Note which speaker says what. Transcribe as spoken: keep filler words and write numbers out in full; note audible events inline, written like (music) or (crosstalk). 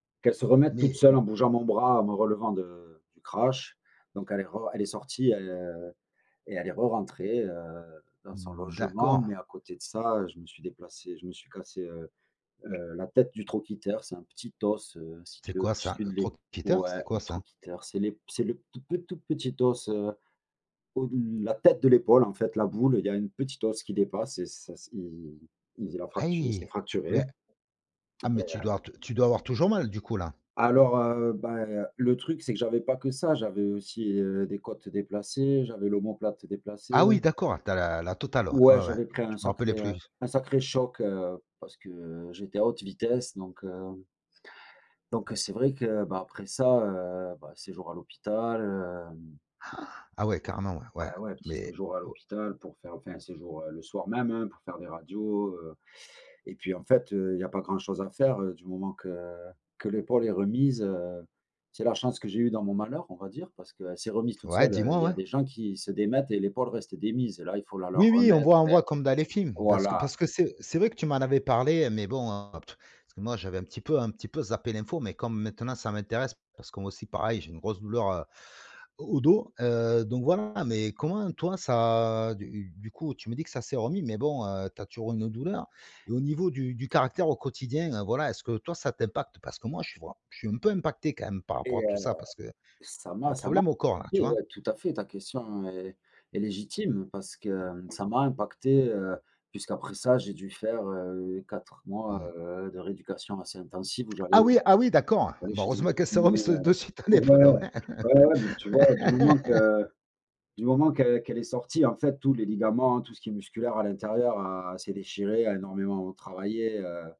Speaker 1: Qu'elle se remette toute
Speaker 2: Mais
Speaker 1: seule, en bougeant mon bras en me relevant de du crash, donc elle est re elle est sortie, heu, et elle est re-rentrée, heu, dans son logement,
Speaker 2: D'accord!
Speaker 1: mais à côté de ça, heu, je me suis déplacé je me suis cassé, heu, heu, la tête du trochiter, c'est un petit os, heu,
Speaker 2: C'est
Speaker 1: situé
Speaker 2: quoi ça,
Speaker 1: au-dessus de l'ép
Speaker 2: trocpiteur?
Speaker 1: ouais
Speaker 2: C'est quoi
Speaker 1: du
Speaker 2: ça?
Speaker 1: trochiter c'est l'ép c'est le tout pe tout petit os, heu, au d la tête de l'épaule, en fait, la boule, il y a un petit os qui dépasse et ça s'est (unintelligible) la fractu s'est
Speaker 2: Aïe!
Speaker 1: fracturé.
Speaker 2: Beh ah
Speaker 1: Et
Speaker 2: mais tu
Speaker 1: heu
Speaker 2: dois t tu dois avoir toujours mal, du coup, là.
Speaker 1: Alors, heu, bah et heu, le truc, c'est que j'avais pas que ça, j'avais aussi, heu, des côtes déplacées, j'avais l'omoplate
Speaker 2: Ah
Speaker 1: déplacée.
Speaker 2: oui, d'accord, tu as la la totale, heu,
Speaker 1: Ouais,
Speaker 2: ouais, ouais,
Speaker 1: j'avais pris un
Speaker 2: je me
Speaker 1: sacré,
Speaker 2: rappelais
Speaker 1: heu,
Speaker 2: plus.
Speaker 1: un sacré choc, heu, parce que j'étais à haute vitesse donc, heu donc, heu, c'est vrai que, bah, après ça, heu, bah, séjour à l'hôpital, heu
Speaker 2: (gasps) Ah ouais, carrément ouais, ouais.
Speaker 1: Ah ouais, un petit
Speaker 2: Mais
Speaker 1: séjour à
Speaker 2: o
Speaker 1: l'hôpital pour faire enfin, un séjour, heu, le soir même, heu, pour faire des radios, heu et puis, en fait, heu, il y a pas grand chose à faire, du moment que que l'épaule est remise, heu, c'est la chance que j'ai eu dans mon malheur, on va dire, parce que elle s'est remise toute
Speaker 2: Ouais,
Speaker 1: seule,
Speaker 2: dis-moi,
Speaker 1: il y a
Speaker 2: ouais.
Speaker 1: des gens qui se démettent et l'épaule reste démise et là, il faut la
Speaker 2: Oui,
Speaker 1: leur
Speaker 2: oui, on
Speaker 1: remettre
Speaker 2: voit on
Speaker 1: ver
Speaker 2: voit comme dans les films parce que
Speaker 1: voilà!
Speaker 2: parce que c'est c'est vrai que tu m'en avais parlé, mais bon, heu, parce que moi, j'avais un petit peu un petit peu zappé l'info, mais comme maintenant ça m'intéresse parce que moi aussi, pareil, j'ai une grosse douleur, heu, au dos, heu, donc, voilà. Mais comment toi, ça du coup, tu me dis que ça s'est remis mais bon, heu, tu as toujours une douleur? Et au niveau du du caractère au quotidien, heu, voilà, est-ce que toi, ça t'impacte, parce que moi, tu vois, je suis un peu impacté, quand même, par rapport
Speaker 1: Et
Speaker 2: à tout
Speaker 1: heu,
Speaker 2: ça parce qu'il y
Speaker 1: ça
Speaker 2: a
Speaker 1: m'a
Speaker 2: un
Speaker 1: ça m'a
Speaker 2: problème au corps, là, tu
Speaker 1: oui,
Speaker 2: vois?
Speaker 1: heu, tout à fait ta question est est légitime, parce que ça m'a impacté, heu, puisqu'après ça j'ai dû faire, heu, quatre mois,
Speaker 2: Mmh.
Speaker 1: heu, de rééducation assez intensive où
Speaker 2: Ah
Speaker 1: j'allais,
Speaker 2: oui, ah oui, d'accord!
Speaker 1: ouais,
Speaker 2: Bah,
Speaker 1: chez un
Speaker 2: heureusement qu'elle s'est
Speaker 1: kiné,
Speaker 2: remise te de suite,
Speaker 1: heu ouais!
Speaker 2: l'épaule, ouais.
Speaker 1: Ouais, ouais, mais, tu vois, du moment
Speaker 2: (laughs)
Speaker 1: que du moment qu'elle qu'elle est sortie, en fait, tous les ligaments, tout ce qui est musculaire à l'intérieur, heu, s'est déchiré, a énormément, heu, travaillé, heu